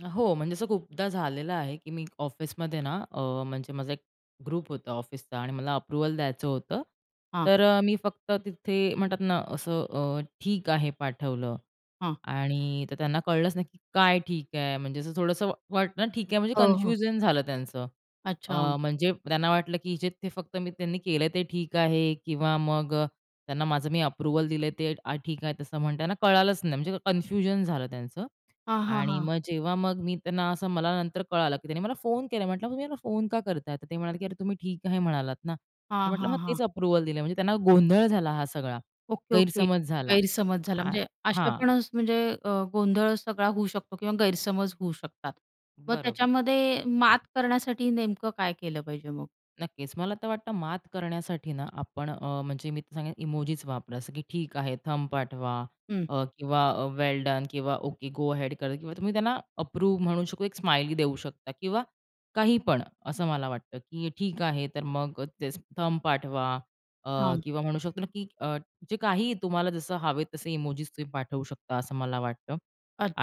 हो, म्हणजे असं खूपदा झालेलं आहे, की मी ऑफिसमध्ये ना, अ, म्हणजे माझा एक ग्रुप होता ऑफिसचा आणि मला अप्रूव्हल द्यायचं होतं, हां. तर अ, मी फक्त तिथे म्हणतात ना, असं अ ठीक आहे पाठवलं हां. आणि तर त्यांना कळलंच नाही, की काय ठीक आहे, म्हणजे असं थोडंसं वाटतं ठीक आहे, म्हणजे हो, हो. कनफ्यूजन झालं त्यांचं. अ, अच्छा. म्हणजे त्यांना वाटलं, की जे ते फक्त मी त्यांनी केलंय, ते ठीक आहे किंवा मग अ, त्यांना माझं मी अप्रूव्हल दिलंय ते ठीक आहे. तसं म्हणणं कळालंच नाही, म्हणजे कन्फ्युजन झालं त्यांचं हां, हां, आणि हां. मग जेव्हा मग मी त्यांना असं मला नंतर कळालं, की त्यांनी मला फोन केला, म्हंटलं, "तुम्ही मला फोन का करताय?" तर ते म्हणाले, की "अरे, तुम्ही ठीक आहे म्हणालात ना?" तर हां, म्हंटलं हां, "मग तेच हां. अप्रूव्हल दिलं." म्हणजे त्यांना गोंधळ झाला हा सगळा, ओके, ओके, गैरसमज झाला. गैरसमज झाला. आ म्हणजे अशा हां. पण स म्हणजे अ, गोंधळ सगळा होऊ शकतो किंवा गैरसमज होऊ शकतात. मग बरोबर. त्याच्यामध्ये मात करण्यासाठी नेमकं काय केलं पाहिजे मग? नक्कीच, मला तर वाटतं मात करण्यासाठी ना आपण अ, म्हणजे मी सांगेन इमोजीच वापरा असं. की ठीक आहे, थंब पाठवा हं. अ, किंवा अ, वेल डन किंवा ओके गो हेड कर किंवा तुम्ही त्यांना अप्रूव म्हणू शकता, एक स्माईल देऊ शकता किंवा काही पण असं मला वाटतं, की ठीक आहे, तर मग अ, तेच थंब पाठवा अ, हां. किंवा म्हणू शकतो ना, की अ, जे काहीही तुम्हाला जसं हवे तसे इमोजीस तुम्ही पाठवू शकता असं मला वाटतं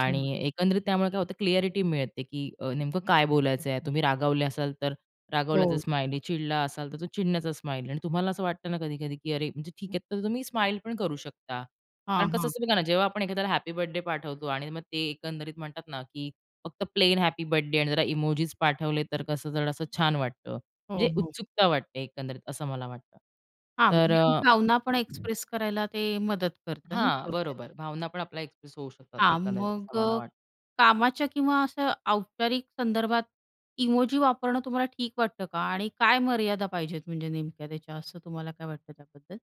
आणि एकंदरीत त्यामुळे काय होतं क्लिअ‍ॅरिटी मिळते, की अ, नेमकं काय बोलायचंय. तुम्ही रागावले असाल, तर रागवल्याचे हो. स्माईल आहे. चिडला असाल, तर तो चिडण्याचा स्माईल आहे आणि तुम्हाला असं वाटतं ना कधी-कधी, की अरे म्हणजे ठीक आहे, तर तुम्ही स्माईल पण करू शकता हां, कारण कसं हां. असतं बघा ना, जेव्हा आपण एखाद्याला हॅपी बर्थडे पाठवतो आणि मग ते एकंदरीत म्हणतात ना, की फक्त प्लेन हॅपी बर्थडे आणि जरा इमोजीस पाठवले तर कसं जरा असं छान वाटतं. हो, म्हणजे हो. उत्सुकता वाटते एकंदरीत असं मला वाटतं हां, तर म्हणजे अ, भावना पण एक्सप्रेस करायला ते मदत करतं ना हां. थोडक्यात. बरोबर, भावना पण आपल्या एक्सप्रेस होऊ शकतात हां, एकंदरीत मग असं मला अ, वाटतं. कामाच्या किंवा अशा औपचारिक संदर्भात इमोजी वापरणं तुम्हाला ठीक वाटतं का आणि काय मर्यादा पाहिजेत म्हणजे नेमक्या त्याच्या, असं तुम्हाला काय वाटतं त्याबद्दल?